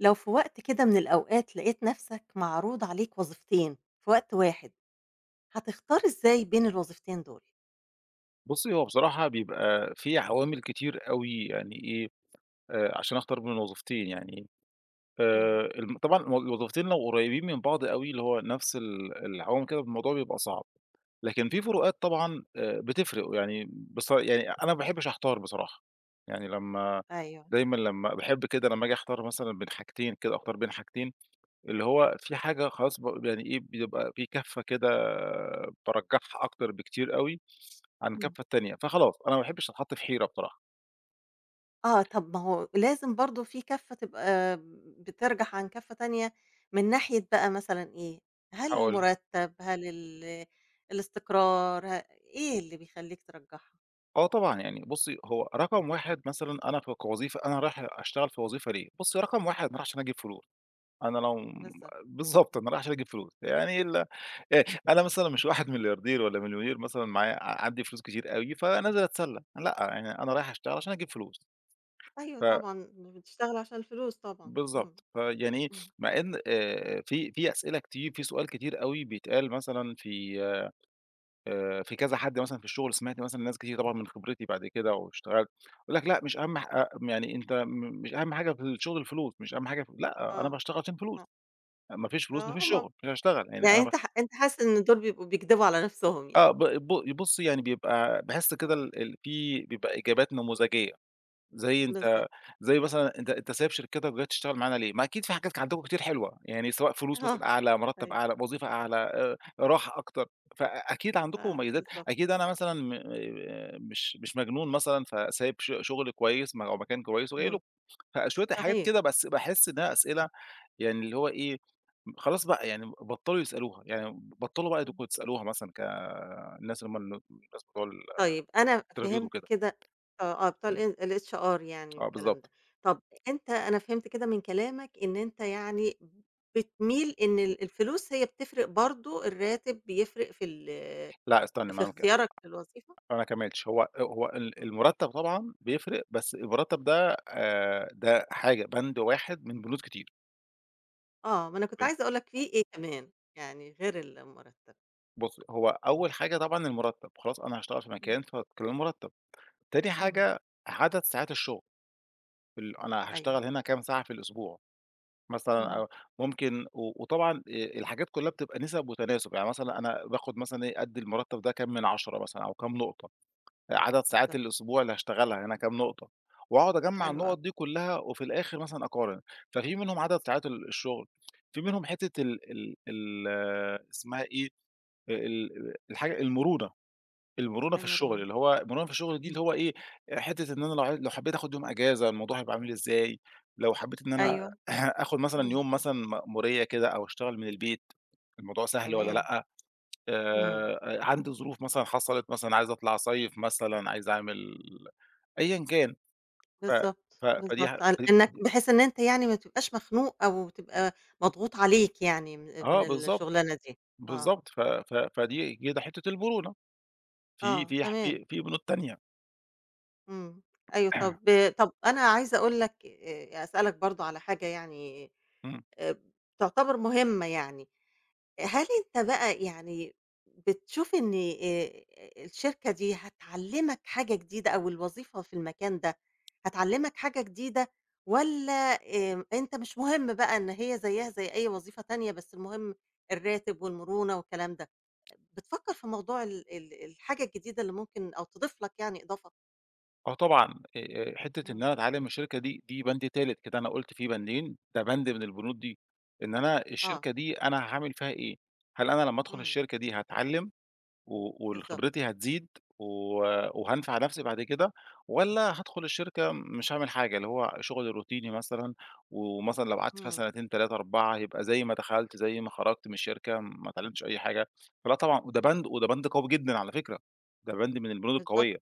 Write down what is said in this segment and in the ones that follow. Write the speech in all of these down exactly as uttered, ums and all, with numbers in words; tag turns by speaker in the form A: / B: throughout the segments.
A: لو في وقت كده من الأوقات لقيت نَفسك معروض عليك وظيفتين في وقت واحد، هتختار إزاي بين الوظيفتين دول؟
B: بُصّي، هو بصراحة بيبقى فيه عوامل كتير أوي، يعني إيه، آآ، عشان أختار بين الوظيفتين، يعني. آآ،
A: امم.
B: ال م طبعًا ال وظيفتين لو قريّبين من بعْض أوي، اللي هو نَفس ال العوامل كده، الموضوع بيبقى صعب. لكن فيه
A: امم.
B: فروقات طبعًا، آآ، بتفرِق، يعني بص يعني أنا ما باحبش أحتار بصراحة. يعني لمّا
A: أيوه.
B: دايمًا لمّا باحب كده لمّا آجي أختار مثلًا بين حاجتين، كده أختار بين حاجتين، اللي هو فيه حاجة خلاص ب بي يعني إيه، بيبقى فيه كَفّة كده، بارجّحها أكتر بكتير أوي عن
A: امم.
B: الكَفّة التانية، فخلاص أنا ما أحبّش أتحَط في حيرة بصراحة.
A: آه، طَب ما هو لازم برضه فيه كَفّة تبقى بترجَح عن كَفّة تانية من ناحية بقى مثلًا إيه، هل
B: هاقول لِك.
A: المرتب؟ هل ال الاستقرار؟ ه إيه اللي بيخلّيك ترجحها؟
B: آه طبعًا، يعني بُصّي، هو رقم واحد مثلًا، أنا ك كوظيفة، أنا رايح أشتغل في وظيفة ليه، بُصّي، رقم واحد أنا رايح عشان أجيب فلوس. أنا لو م
A: بالضبط.
B: بالضبط، أنا رايح عشان أجيب فلوس. يعني ال آآ، أنا مثلًا مش واحد ملياردير ولا مليونير مثلًا معايا ع عندي فلوس كتير أوي، فنازل أتسلّى. لأ، يعني أنا رايح أشتغل علشان أجيب فلوس.
A: أيوه
B: ف
A: طبعًا، مش بتشتغل عشان الفلوس طبعًا. امم.
B: بالضبط. فيعني إيه،
A: امم.
B: مع إن، آآ، في في أسئلة كتير، فيه سؤال كتير أوي بيتقال، مثلًا في في كذا حد مثلًا في الشغل سمِعت مثلًا لناس كتير طبعًا من خبرتي بعد كده واشتغلت، بيقول لك: "لأ، مش أهم ح آآ، يعني أنت م مش أهَم حاجة في الشغل الفلوس، مش أهم حاجة في" لأ، أنا
A: آه.
B: باشتغل عشان
A: آه.
B: فلوس. ما فيش فلوس، ما
A: آه،
B: فيش
A: ما
B: شُغل، مش هاشتغل، يعني
A: يعني
B: أنا ب
A: أنت ح أنت حاسس إن دول بيبقوا بيكدِبوا على نَفسهم
B: آه،
A: يعني.
B: ب ب بُصّي، يعني بيبقى باحس كده
A: آه.
B: ال ال فيه بيبقى إجابات نموذجية. زي أنت
A: بالضبط.
B: زي مثلًا: "أنت أنت سايب شركتك وجاي تشتغل معانا ليه؟" ما أكيد فيه حاجات ك عندكم كتير حلوة، يعني سواء فلوس
A: آه،
B: مثلًا أعلى، مُرتَّب
A: أيوه.
B: أعلى، وظيفة أعلى، آآ، راحة أكتر. فأكيد عندكم
A: آه،
B: مميّزات،
A: بالضبط.
B: أكيد أنا مثلًا م آآ، مش مش مجنون مثلًا فسايب ش شُغل كويس م أو مكان كويس وجاي
A: اهم.
B: لكم. فشوية الحاجات
A: صحيح.
B: كده بس باحس إنها أسئلة يعني اللي هو إيه، خلاص بقى يعني بطّلوا يسألوها، يعني بطّلوا بقى أنتم
A: امم.
B: بتسألوها مثلًا ك الناس لما ال-الناس بتقول
A: طيب أنا
B: الinterview
A: فهِمت
B: وكده.
A: كده آه بتوع الإ الHR يعني
B: آه
A: والكلام
B: بالضبط.
A: ده. طَب أنت أنا فهمت كده من كلامك إن أنت يعني بتميل إن ال الفلوس هي بتفرِق برضه، الرّاتب بيفرِق في ال
B: لأ، استنّي، ما
A: في
B: أنا ما كد
A: اختيارك للوظيفة؟
B: أنا ما كمّلتش. هو، آآ، هو ال
A: امم.
B: المرتَّب طبعًا بيفرِق، بس المُرتّب ده، آآ، ده حاجة، بند واحد من بنود كتير.
A: آه، ما أنا كنت
B: فين؟
A: عايزة أقول لك في
B: آه.
A: إيه كمان، يعني غير المرتّب؟
B: بُصّي، هو أول حاجة طبعًا المرتّب، خلاص أنا هاشتغل في
A: إمم.
B: مكان ف كام المرتّب، تاني
A: اهم.
B: حاجة عدد ساعات الشُغل ال أنا
A: أيوه.
B: هاشتغل هنا كام ساعة في الأسبوع؟ مثلًا
A: اهم.
B: أو ممكن و وطبعًا آآ الحاجات كلّها بتبقى نِسب وتناسب يعني مثلًا أنا باخُد مثلًا إيه قد المرتّب ده كام من عشرة مثلًا أو كام نقطة، عدد ساعات
A: بالضبط.
B: الأسبوع اللي هاشتغلها هنا كام نقطة، وهاقعُد أجمّع
A: حلو أوي.
B: النقط دي كلّها وفي الآخر مثلًا أقارن، ففي منهم عدد ساعات ال الشُغل، في منهم حتة ال ال ال اسمها إيه دي آآ، ال ال الحاجة المرونة، المرونة في الشُغل
A: المرونة.
B: اللي هو المرونة في الشُغل دي اللي
A: إمم.
B: هو إيه آآ، حتة إن أنا لو ع لو حبيت آخُد يوم أجازة، الموضوع هيبقى عامل إزاي؟ لو حبيت إن أنا
A: أيوه.
B: آخُد مثلًا
A: إمم.
B: يوم مثلًا مأمورية كده أو أشتغل من البيت الموضوع سهل والّا
A: تمام.
B: لأ، آآ،
A: إمم.
B: آآ، عندي ظروف مثلًا حصلت مثلًا عايز أطلع أصيّف مثلًا عايز أعمل أيًا كان ف ف
A: بالضبط،
B: فدي ح
A: بالضبط، ال
B: فدي،
A: إنّك
B: فدي
A: بحيث إن أنت يعني ما تبقاش مخنوق أو تبقى مضغوط عليك يعني من ال
B: آه
A: من
B: بالضبط،
A: الشُغلانة دي. آه.
B: بالضبط. ف ف فدي دي كده حتة المرونة. في
A: آه،
B: في ح
A: تمام.
B: في في بنود تانية.
A: إمم، أيوه طَب طَب أنا عايزة أقول لَك آآ، أسألَك برضه على حاجة يعني،
B: إمم.
A: آآ، تعتبر مهمّة يعني، هل أنت بقى يعني بتشوف إن آآ الشركة دي هتعلمَك حاجة جديدة أو الوظيفة في المكان ده هتعلمَك حاجة جديدة؟ والّا، آآ، أنت مش مهم بقى إن هي زيها زي أي وظيفة تانية بس المهم الراتب والمرونة والكلام ده؟ بتفكّر في موضوع ال ال الحاجة الجديدة اللي ممكن أو تضيف لَك يعني إضافة؟
B: آه طبعًا. آآ، حتّة إن
A: إمم.
B: أنا أتعلِّم من الشركة دي دي بند تالت كده، أنا قُلت فيه بندين ده بند من البنود دي، إن أنا
A: آه.
B: الشركة دي أنا هاعمل فيها إيه؟ هل أنا لمّا أدخل
A: إمم.
B: الشركة دي هاتعلِّم؟ و وال
A: بالضبط.
B: خبرتي هتزيد؟ و وهانفع نفسي بعد كده؟ والّا هادخل الشركة مش هاعمل حاجة، اللي هو شغل روتيني مثلًا ومثلًا لو قعدت فيها
A: إمم.
B: سنتين تلاتة أربعة هيبقى زي ما دخلت زي ما خرجت من الشركة، ما اتعلمتش أي حاجة فـلأ طبعًا، وده
A: إمم.
B: بند وده بند قوي جدًا على فكرة. ده بند من البنود
A: بالضبط
B: القوية.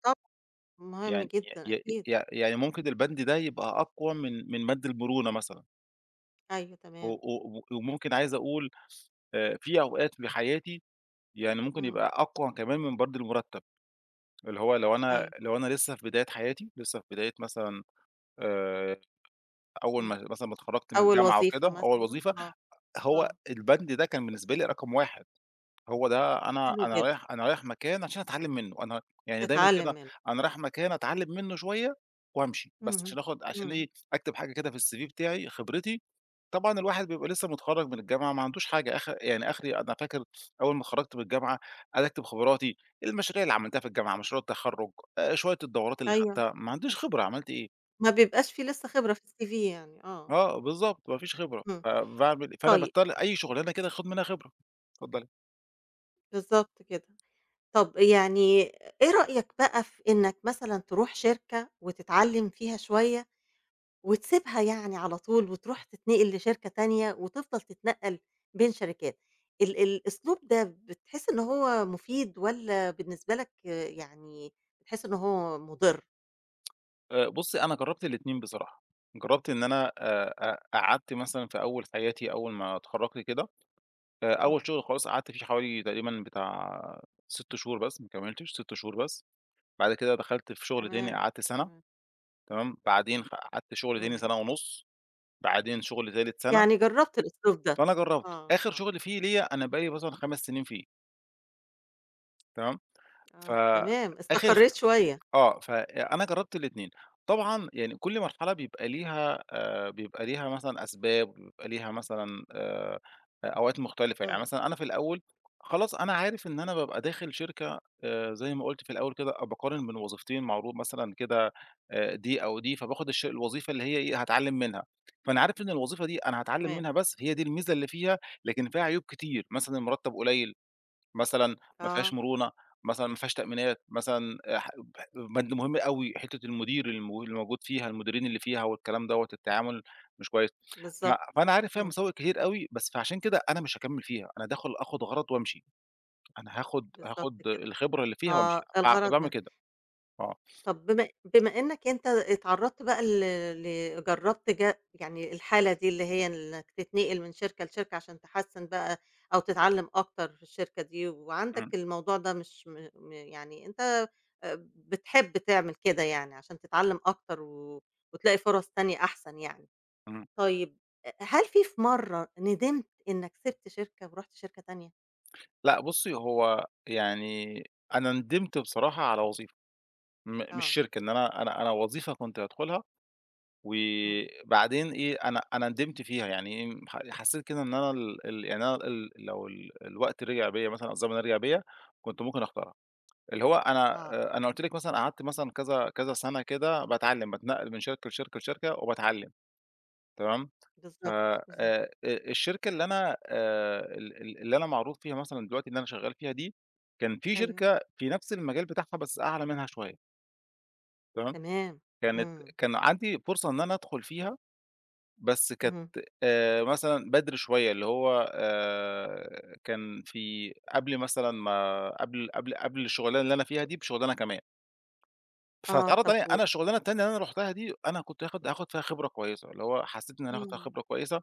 A: طبعًا.مهم
B: يعني
A: جدًا
B: ي
A: أكيد.
B: ي يعني ممكن
A: [unintelligible]
B: البند ده يبقى أقوى من من بند المرونة مثلًا.
A: أيوه،
B: و
A: تمام.
B: و وممكن عايز أقول آآ، في أوقات في حياتي، يعني ممكن
A: إمم.
B: يبقى أقوى كمان من برضه المرتَّب. اللي هو لو أنا
A: أيوه.
B: لو أنا لسّه في بداية حياتي لسّه في بداية مثلًا، آآ، أول
A: إمم،
B: ما مثلًا ما اتخرجت من
A: أول
B: الجامعة
A: وظيفة
B: وكده، أول
A: مثلًا،
B: وظيفة،
A: آه
B: هو
A: آه.
B: البند ده كان بالنسبة لي رقم واحد هو ده أنا
A: حلو
B: أنا
A: جد
B: رايح أنا رايح مكان عشان أتعلِّم منّه أنا يعني دايمًا
A: تتعلّم
B: كده،
A: منها
B: أنا
A: آه،
B: رايح مكان
A: إمم.
B: أتعلّم منّه شوية، وأمشي بس.
A: اهم،
B: علشان آخد علشان
A: إمم.
B: إيه، أكتب حاجة كده في الCV بتاعي، خبرتي، طبعًا الواحد بيبقى لسّه متخرّج من الجامعة، ما عندوش حاجة أخ يعني أخري، أنا فاكر أول ما اتخرجت من الجامعة، عايز أكتب خبراتي، المشاريع اللي عملتها في الجامعة، مشروع التخرّج، آآ، شوية الدورات اللي
A: أيوه،
B: خدتها، ما عنديش خبرة، عملت إيه.
A: ما بيبقاش فيه لسّه خبرة في الCV يعني، آه.
B: آه، بالضبط، ما فيش خبرة
A: إمم،
B: فباعمل فأنا
A: طيب.
B: باضطر، أي
A: [unintelligible]
B: شُغلانة كده آخد منها خبرة، اتفضلي.
A: بالضبط كده، طَب يعني إيه رأيك بقى في إنَّك مثلًا، تروح شركة وتتعلّم فيها شوية وتسيبها يعني على طول، وتروح تتنقل لشركة تانية وتفضل تتنقل بين شركات؟ ال الأسلوب ده بتحسّ إن هو مُفيد والّا بالنسبة لَك، آآ، يعني بتحسّ إن هو مُضِر؟
B: آآ، بُصّي أنا جربت الاتنين بصراحة جربت إن أنا آآ، أ قعدت مثلًا في أول حياتي، أول ما اتخرجت كده فأول
A: إمم.
B: شغل خلاص قعدت فيه حوالي تقريبًا بتاع ست شهور بس، ما كملتش، ست شهور بس، بعد كده دخلت في شغل تاني،
A: تمام،
B: قعدت سنة
A: تمام.
B: تمام، بعدين قعدت شغل تاني
A: إمم.
B: سنة ونُص. بعدين شغل تالت سنة
A: يعني جرّبت الأسلوب ده؟
B: فأنا جرّبت،
A: آه،
B: آخر
A: آه.
B: شغل فيه ليا، أنا بقى لي مثلًا خمس سنين فيه. تمام،
A: آه، تمام،
B: فآخر خ
A: استقريت شوية.
B: آه، فأنا جربت الاتنين طبعًا يعني كل مرحلة بيبقى ليها، آآ، بيبقى ليها مثلًا أسباب، بيبقى ليها مثلًا، آآ، أوقات مختلفة، يعني
A: إمم.
B: مثلًا أنا في الأول خلاص أنا عارف إن أنا بابقى داخل شركة، آآ، زي ما قُلت في الأول كده، بأقارن بين وظيفتين معروض مثلًا كده، آآ، دي أو دي، فبأخد الش الوظيفة اللي هي إيه هاتعلّم منها. فأنا عارف إن الوظيفة دي أنا هاتعلم
A: تمام.
B: منها بس، هي دي الميزة اللي فيها، لكن فيها عيوب كتير مثلًا المرتّب قليل، مثلًا ما فيهاش
A: آه.
B: مرونة، مثلًا ما فيهاش تأمينات، مثلًا ح بند مهم أوي حتّة المدير ال اللي موجود فيها، المديرين اللي فيها، والكلام دوّة، التعامل مش كويس. ف
A: بالضبط،
B: فأنا عارف فيها
A: إمم.
B: مساوئ كتير أوي، بس فعلشان كده أنا مش هاكمل فيها. أنا داخل آخد غرض وأمشي، أنا هاخد
A: بالضبط
B: هاخد
A: كده،
B: الخبرة اللي فيها وأمشي
A: آه،
B: فاع
A: الغرض
B: فباعمل
A: منّه.
B: كده، آه.
A: طَب بم بما إنَّك أنت اتعرضت بقى ل ل جرّبت ج يعني الحالة دي اللي هي إنَّك تتنقل من شركة لشركة علشان تحسّن بقى أو تتعلم أكتر في الشركة دي، وعندَك
B: إمم.
A: الموضوع ده مش م م يعني أنت، آآ، بتحب تعمل كده يعني علشان تتعلم أكتر، و وتلاقي فرص تانية أحسن يعني،
B: إمم.
A: طيب هل فيه في مرّة ندمت إنَّك سِبت شركة ورُحت شركة تانية؟
B: لأ، بُصّي، هو يعني أنا ندمت بصراحة على وظيفة م مش
A: آه.
B: شركة، إن أنا أنا أنا وظيفة كنت هادخلها
A: إمم.
B: وبعدين إيه أنا أنا ندمت فيها. يعني إيه ح حسّيت كده إن أنا ال ال يعني أنا ال لو ال الوقت رجع بيّا مثلًا، أو الزمن رجع بيّا، كنت ممكن أختارها اللي هو أنا
A: آه.
B: آآ، أنا قُلت لِك مثلًا قعدت مثلًا كذا كذا سنة كده، باتعلّم، باتنقل من شركة لشركة، لشركة وباتعلّم تمام، ف
A: بالضبط،
B: آآ
A: بالضبط.
B: آآ، الشركة اللي أنا، آآ، ال اللي أنا معروف فيها مثلًا دلوقتي، اللي أنا شغّال فيها دي، كان فيه
A: أيوه.
B: شركة في نفس المجال بتاعها بس أعلى منها شوية. تمام؟
A: تمام،
B: كانت
A: إمم.
B: كان عندي فرصة إن أنا أدخل فيها، بس كانت،
A: اهم.
B: آآ، مثلًا بدري شوية اللي هو، آآ، كان في قبل مثلًا ما قبل قبل قبل الشغلانة اللي أنا فيها دي بشغلانة كمان.
A: آه،
B: فاتعرض
A: طَب
B: عليَّا
A: و
B: أنا الشغلانة التانية اللي أنا رُحتها دي، أنا كنت هاخد هاخد فيها خبرة كويسة، اللي هو حسّيت إنّ ز هاخد فيها
A: إمم.
B: خبرة كويسة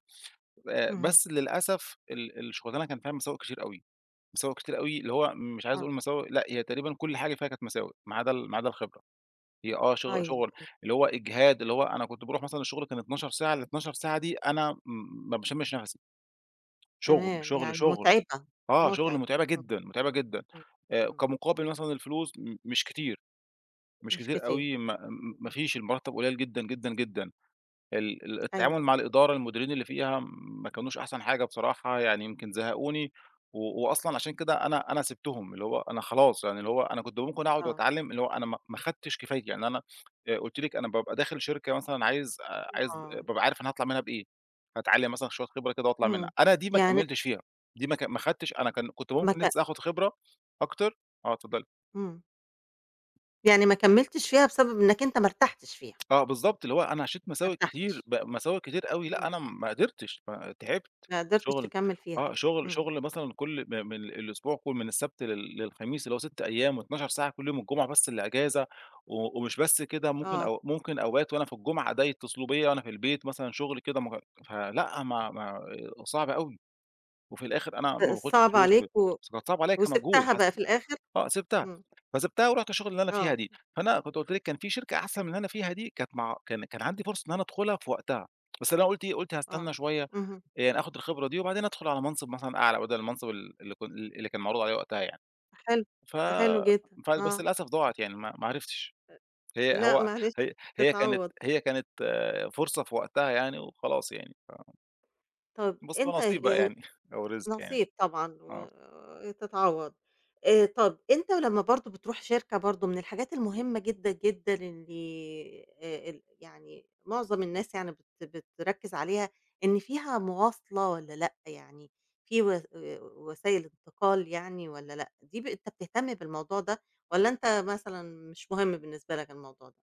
B: آآ،
A: اهم.
B: بس للأسف ال الشغلانة كان فيها مساوئ كتير أوي، مساوئ كتير أوي، اللي هو مش عايز
A: آه.
B: أقول مساوئ، لأ، هي تقريبًا كل حاجة فيها كانت مساوئ، ما عدا ال ما عدا الخبرة هي آه، شغ
A: أيوه.
B: شغل،
A: [unintelligible]
B: اللي هو إجهاد، اللي هو أنا كنت باروح مثلًا الشغل كان اتناشر ساعة، الاتناشر ساعة دي أنا م ما باشمش نفَسَي. شغل،
A: تمام،
B: شغل،
A: يعني
B: شغل
A: مُتعبة،
B: آه، شغل
A: مُتعب،
B: متعبة
A: إمم،
B: جدًا، متعبة جدًا.
A: إمم، إمم،
B: آآ،
A: إمم.
B: كمقابل مثلًا الفلوس، م مش كتير، مش
A: مش
B: كتير
A: كتير،
B: أوي، ما ما فيش، المرتّب قليل جدًا، جدًا، جدًا. ال ال التعامل
A: أيوه.
B: مع الإدارة، المديرين اللي فيها ما كانوش أحسن حاجة بصراحة، يعني يمكن زهقوني. و وأصلًا عشان كده أنا أنا سِبتهم. اللي هو أنا خلاص، يعني اللي هو أنا كنت ممكن أقعد
A: آه.
B: وأتعلّم، اللي هو أنا ما ما خدتش كفايتي يعني أنا آآ، قُلت لِك أنا بابقى داخل شركة مثلًا عايز آآ، عايز
A: آه.
B: بابقى عارف أنا هاطلّع منها بإيه، هاتعلّم مثلًا شوية خبرة كده وأطلع منها.
A: إمم،
B: أنا دي ما
A: يعني
B: كملتش فيها، دي ما ك ما خدتش أنا كان كنت
A: ما
B: ممكن
A: ت
B: لسّة آخد خبرة أكتر آه، اتفضلي.
A: إمم. يعني ما كملتش فيها بسبب إنَّك أنت ما ارتحتش فيها.
B: آه، بالضبط اللي هو أنا عِشت
A: ما
B: مساوئ كتير،
A: ارتحتش.
B: ب مساوئ كتير أوي. لأ،
A: إمم.
B: أنا ما قدرتش، ما تعبت
A: ما قدرتش
B: شغل
A: تكمّل فيها،
B: آه، شغل
A: إمم.
B: شغل مثلًا كُل م من الأسبوع كُل، من السبت لل للخميس، اللي هو ست أيام اتناشر ساعة كل يوم، الجمعة بس اللي اجازة و ومش بس كده، ممكن
A: آه.
B: أو ممكن أوقات وأنا في الجُمعة ده اتصلوا بيّا وأنا في البيت مثلًا شغل كده مه فلأ، ما ما آآ، صعب أوي وفي الآخر أنا ما
A: آآ
B: باخدش
A: صعبة
B: فلوس و
A: عليك و
B: بس كانت صعبة عليّآ كمجهود
A: وسِبتها بقى
B: حسّ
A: في الآخر؟
B: آه، سِبتها
A: إمم.
B: فسِبتها ورُحت الشغلة اللي أنا فيها
A: آه.
B: دي. فأنا كنت قُلت لِك كان فيه شركة أحسن من اللي أنا فيها دي، كانت مع كان كان عندي فرصة إن أنا أدخلها في وقتها. بس أنا قُلت إيه قُلت هاستنى
A: آه،
B: شوية، آآ،
A: اهم.
B: يعني آخد الخبرة دي، وبعدين أدخل على منصب مثلًا أعلى بدل المنصب ال اللي ك اللي اللي كان معروض عليّا وقتها يعني.
A: حلو،
B: ف
A: حلو جدًا،
B: ف بس
A: آه.
B: للأسف ضاعت يعني، ما ما عرفتش.
A: آآ،
B: هي
A: لأ،
B: هو
A: معلش،
B: هي هي كانت
A: تتعوّض.
B: هي كانت فرصة في وقتها يعني وخلاص يعني ف
A: طَب
B: بُصي هو
A: أنت
B: نصيب بقى
A: آآ
B: يعني، أو رزق يعني،
A: نصيب طبعًا
B: آه.
A: وتتعوض. آآ، طَب أنت ولمّا برضه بتروح شركة برضه من الحاجات المهمّة جدًا، جدًا اللي، آآ، ال يعني معظم الناس يعني بت بتركّز عليها إن فيها مواصلة والّا لأ يعني، في وس آآ وسايل انتقال يعني والّا لأ؟ دي ب أنت بتهتم بالموضوع ده؟ والّا أنت مثلًا مش مهم بالنسبة لَك الموضوع ده؟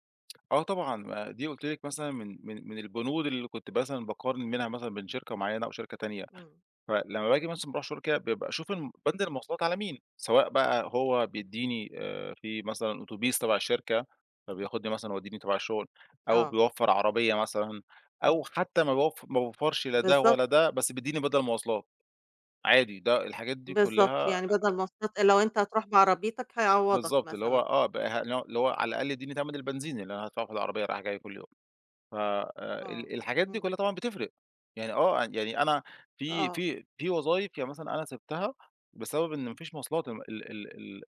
B: آه، طبعًا. آآ، دي قلت لِك مثلًا من من من البنود اللي كنت مثلًا باقارن منها مثلًا بين شركة معيّنة أو شركة تانية.
A: امم.
B: فلمّا باجي مثلًا باروح [unintelligible] بابقى أشوف ال بند المواصلات على مين؟ سواء بقى هو بيديني، آآ، في مثلًا أوتوبيس تبع الشركة، فبياخدني مثلًا يوديني تبع الشغل، أو
A: آه.
B: بيوفّر عربية مثلًا،
A: امم.
B: أو حتى ما بيوف ما بيوفرش لا ده
A: بالضبط.
B: ولا ده، بس بيديني بدَل مواصلات. عادي ده الحاجات دي
A: بالضبط،
B: كلها
A: يعني بدل مواصلات، لو أنتَ هتروح بعربيتك هيعوضك
B: بالضبط. اللي هو
A: مثلًا.
B: آه، بقى اللي هو اللي هو على الأقل اديني تمن البنزين اللي أنا هادفعه في العربية رايح جاي كل يوم. ف آآ،
A: آه،
B: ال الحاجات دي
A: امم.
B: كلها طبعًا بتفرق. يعني آه يعني أنا في
A: آه.
B: في في وظايف يعني مثلًا أنا سِبتها بسبب إن ما فيش مواصلات. ال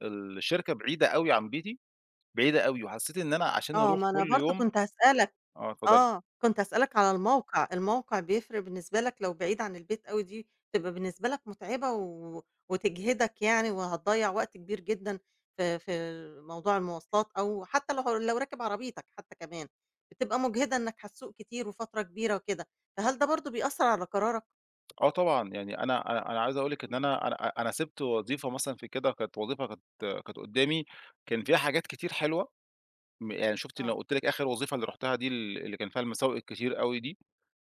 B: ال الشركة بعيدة أوي عن بيتي، بعيدة أوي، وحسيت إن أنا عشان
A: آه،
B: أروح
A: ما أنا
B: كل
A: برضو
B: يوم
A: كنت هاسألك
B: آه، اتفضلي.
A: آه، كنت هاسألك على الموقع. الموقع بيفرق بالنسبة لك لو بعيد عن البيت أوي دي تبقى بالنسبة لك متعبة و وتجهدك يعني، وهتضيّع وقت كبير جدًا في في موضوع المواصلات، أو حتى لو لو راكب عربيتك حتى كمان، بتبقى مجهدة إنك هتسوق كتير وفترة كبيرة وكده، فهل ده برضو بيأثر على قرارك؟
B: آه، طبعًا. يعني أنا أنا أنا عايز أقول لِك إن
A: إمم.
B: أنا أنا أنا سِبت وظيفة مثلًا في كده، كانت وظيفة كانت كانت قدامي، كان فيها حاجات كتير حلوة م يعني شُفتِ أنا
A: آه.
B: قُلت لِك آخر وظيفة أنا رُحتها دي ال اللي كان فيها المساوئ الكتير أوي دي،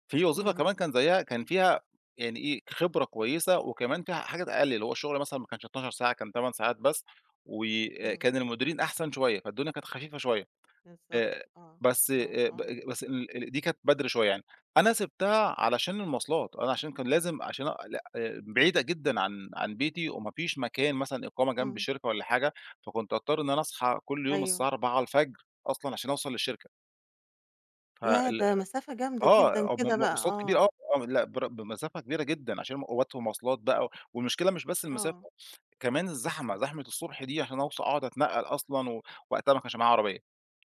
B: فيه وظيفة
A: اهم.
B: كمان كان زيها، كان فيها يعني إيه خبرة كويسة، وكمان فيها حاجات أقل، اللي هو الشغل مثلًا ما كانش اتناشر ساعة، كان تمن ساعات بس.
A: إمم.
B: وكان المديرين أحسن شوية، فالدنيا كانت خفيفة شوية.
A: بالضبط،
B: آآ،
A: آه،
B: بس،
A: آه،
B: آآ، ب
A: آه.
B: بس ال دي كانت بدري شوية يعني. أنا سِبتها علشان المواصلات، أنا علشان كان لازم علشان أ ل آآ بعيدة جدًا عن عن بيتي، وما فيش مكان مثلًا إقامة جنب
A: إمم.
B: الشركة والّا حاجة فكنت أضطر إن أنا أصحى كل يوم
A: أيوه.
B: الساعة أربعة الفجر أصلًا علشان أوصل للشركة.
A: ياه،
B: فال
A: ده مسافة جامدة جدًا
B: آه، م
A: كده
B: م
A: بقى،
B: مواصلات كبيرة،
A: آه!
B: آه، آه، لأ، بر بمسافة كبيرة جدًا عشان م أوقات والمواصلات بقى و والمشكلة مش بس المسافة،
A: آه.
B: كمان الزحمة، زحمة الصبح دي علشان أوص أقعد أتنقّل أصلًا، ووقتها ما كانش معايا عربية،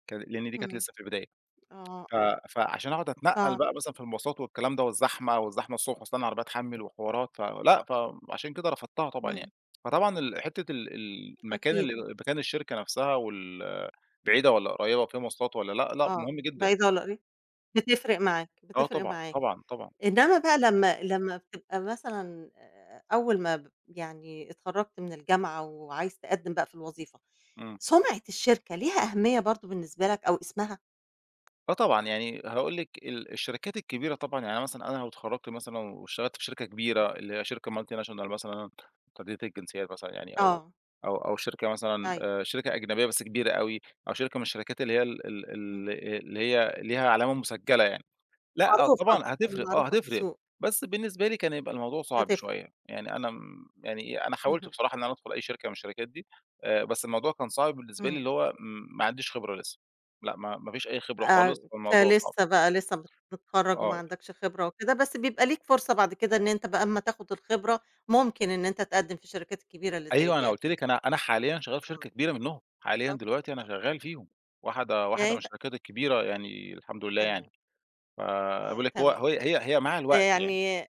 B: كان لأن دي كانت
A: إمم،
B: لسّه في البداية.
A: آه،
B: ف
A: آه.
B: فعلشان أقعد أتنقّل
A: صعب.
B: بقى مثلًا في المواصلات والكلام ده، والزحمة، والزحمة الصبح وأستنى العربية تحمِّل وحوارات، فلأ، فعلشان كده رفضتها طبعًا
A: إمم.
B: يعني. فطبعًا ال حتّة ال ال مكان
A: أكيد.
B: ال مكان الشركة نفسها وال بعيدة والّا قريبة، فيها مواصلات والّا لأ، لأ
A: آه،
B: مهم جدًا.
A: بعيدة ولّاقري بتفرق معاك،
B: آه
A: بتفرق
B: طبعًا،
A: معاك.
B: طبعًا، طبعًا.
A: إنمّا بقى لمّا لمّا بتبقى مثلًا، آآ، أول ما ب يعني اتخرجت من الجامعة وعايز تقدّم بقى في الوظيفة،
B: إمم.
A: سُمعة الشركة ليها أهمية برضه بالنسبة لَك أو اسمها؟
B: آه طبعًا، يعني هاقول لِك ال الشركات الكبيرة طبعًا، يعني أنا مثلًا أنا لو اتخرجت مثلًا واشتغلت في شركة كبيرة، اللي هي شركة multinational مثلًا، متعددة الجنسيات مثلًا يعني، أو
A: آه.
B: أو أو شركة مثلًا،
A: أيوه،
B: آآ، شركة
A: إمم.
B: أجنبية بس كبيرة أوي، أو شركة من الشركات اللي هي ال ال
A: إمم.
B: ال اللي هي ليها علامة مسجّلة يعني. لأ
A: معروفة،
B: طبعًا
A: يعني
B: هتفرق آه
A: معروفة في
B: هتفرق.
A: السوق.
B: بس بالنسبة لي كان هيبقى الموضوع صعب
A: بتفرق.
B: شوية. يعني أنا م يعني أنا حاولت
A: اهم.
B: بصراحة إن أنا أدخل أي شركة من الشركات دي، آآ، بس الموضوع كان صعب بالنسبة لي،
A: إمم.
B: اللي هو م ما عنديش خبرة لسّه. لأ، ما ما فيش أي خبرة خالص،
A: آآ،
B: فالموضوع صعب.
A: كلسّه بقى، لسّه مت متخرّج وما
B: آه.
A: عندكش خبرة وكده، بس بيبقى ليك فرصة بعد كده إن أنت بقى أمّا تاخد الخبرة، ممكن إن أنت تقدّم في الشركات الكبيرة اللي زي
B: أيوة، أنا
A: دي
B: قُلت
A: أكيد.
B: لِك أنا أنا حاليًا شغّال في شركة
A: إمم.
B: كبيرة منهم، حاليًا دلوقتي أنا
A: [unintelligible]
B: شغاّل فيهم واحدة
A: يعني
B: واحدة من
A: أنت
B: الشركات الكبيرة يعني، الحمد لله
A: تمام.
B: يعني، فأنا
A: آه،
B: باقول لِك هو
A: تمام.
B: هي هي هي مع
A: آآ،
B: الوقت يعني.
A: يعني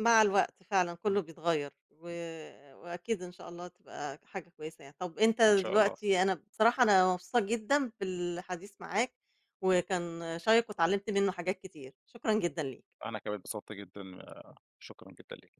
A: مع الوقت فعلًا كلّه
B: إمم.
A: بيتغيّر، و وأكيد إن شاء الله تبقى حاجة كويسة يعني. طَب أنت
B: إن شاء الله.
A: دلوقتي أنا بصراحة أنا مبسوطة جدًا بالحديث معاك، وكان شيّق واتعلمت منّه حاجات كتير، شكرًا جدًا ليك.
B: أنا كمان اتبسطت جدًا، آآ، شكرًا جدًا ليِك.